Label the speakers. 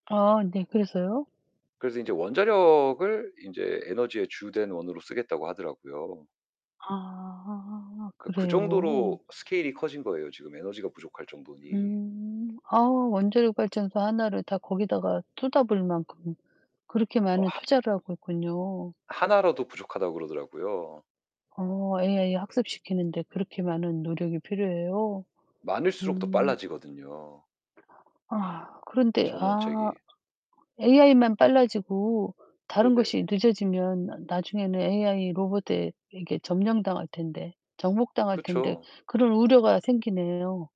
Speaker 1: 아 네. 그래서요?
Speaker 2: 그래서 인제 원자력을 인제 에너지의 주된 원으로 쓰겠다고 하더라고요.
Speaker 1: 아
Speaker 2: 그러니까 그
Speaker 1: 그래요?
Speaker 2: 정도로 스케일이 커진 거예요, 지금 에너지가 부족할 정도니.
Speaker 1: 음. 아 원자력 발전소 하나를 다 거기다가 쏟아부을 만큼 그렇게
Speaker 2: 어
Speaker 1: 많은
Speaker 2: 하
Speaker 1: 투자를 하고 있군요.
Speaker 2: 하나라도 부족하다고 그러더라고요.
Speaker 1: 어 AI 학습시키는 데 그렇게 많은 노력이 필요해요?
Speaker 2: 많을수록 더
Speaker 1: 음.
Speaker 2: 빨라지거든요
Speaker 1: 아휴. 그런데 아
Speaker 2: 전원책이.
Speaker 1: AI만 빨라지고 다른
Speaker 2: 네네.
Speaker 1: 것이 늦어지면 '나 나중에는 AI 로봇에 에게 점령당할 텐데, 정복당할 텐데.'
Speaker 2: 그쵸.
Speaker 1: 그런 우려가 생기네요.